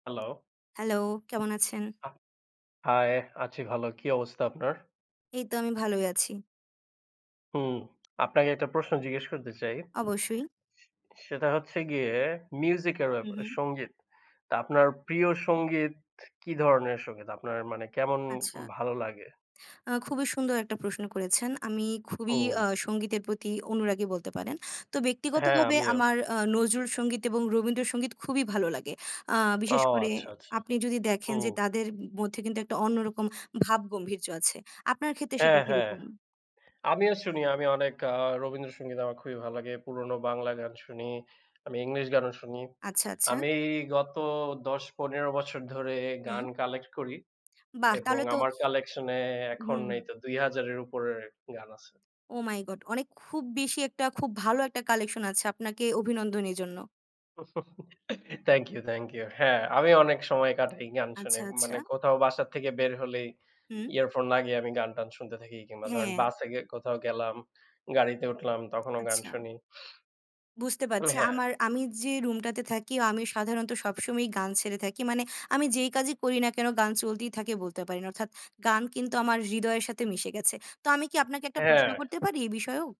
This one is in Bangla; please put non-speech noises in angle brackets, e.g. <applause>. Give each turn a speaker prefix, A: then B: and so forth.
A: হ্যালো!
B: Hello, কেমন আছেন?
A: আ Hi, আছি ভালো কি অবস্থা আপনার?
B: এই তো আমি ভালোই আছি।
A: হুম, আপনাকে একটা প্রশ্ন জিজ্ঞেস করতে চাই।
B: অবশ্যই।
A: সেটা হচ্ছে গিয়ে music এর
B: উ,
A: ব্যাপারে,
B: হুম।
A: সঙ্গীত। তা আপনার প্রিয় সঙ্গীত, কি ধরনের সঙ্গীত আপনার মানে কেমন
B: আচ্ছা।
A: ভালো লাগে?
B: আ খুবই সুন্দর একটা প্রশ্ন করেছেন। আমি খুবই <blows air>
A: হুম।
B: আ সঙ্গীতের প্রতি অনুরাগী বলতে পারেন। তো
A: হ্যাঁ,
B: ব্যক্তিগতভাবে
A: আমিও।
B: আমার আ নজরুল সঙ্গীত এবং রবীন্দ্র সঙ্গীত খুবই ভালো লাগে। আ
A: ও
B: বিশেষ করে
A: আচ্ছা, আচ্ছা,
B: আপনি যদি দেখেন যে
A: হুম।
B: তাদের মধ্যে কিন্তু একটা অন্যরকম ভাবগম্ভীর্য আছে আপনার ক্ষেত্রে সেটা
A: হ্যাঁ, হ্যাঁ
B: কিরকম?
A: আমিও শুনি, আমি অনেক আ রবীন্দ্র সঙ্গীত আমার খুবই ভালো লাগে। পুরনো বাংলা গান শুনি, আমি English গানও শুনি,
B: আচ্ছা, আচ্ছা।
A: আমি গত ১০-১৫ বছর ধরে
B: হুম।
A: গান collect করি
B: বাহ!
A: এবং
B: তাহলে তো
A: আমার collection-এ এখন
B: হুম, হুম।
A: এইতো ২০০০ এর উপরে গান আছে।
B: Oh my God! অনেক খুব বেশি একটা খুব ভালো একটা collection আছে আপনাকে অভিনন্দন এজন্য।
A: <chuckles> Thank you, thank you. হ্যাঁ, আমি অনেক সময় কাটাই গান শুনে
B: আচ্ছা,
A: মানে
B: আচ্ছা।
A: কোথাও বাসা থেকে বের হলেই
B: হুম।
A: earphone লাগিয়ে আমি গান টান শুনতে থাকি কিংবা ধরেন
B: হ্যাঁ।
A: বাসে গে কোথাও গেলাম, গাড়িতে উঠলাম তখনও গান
B: আচ্ছা।
A: শুনি
B: বুঝতে পারছি
A: <snorts> হ্যাঁ।
B: আমার, আমি যে room-টাতে থাকি আমি সাধারণত সবসময়ই গান ছেড়ে থাকি। মানে আমি যেই কাজই করি না কেন গান চলতেই থাকে বলতে পারেন অর্থাৎ গান কিন্তু আমার হৃদয়ের সাথে মিশে গেছে। তো আমি কি আপনাকে একটা প্রশ্ন
A: হ্যাঁ।
B: করতে পারি এ বিষয়েও?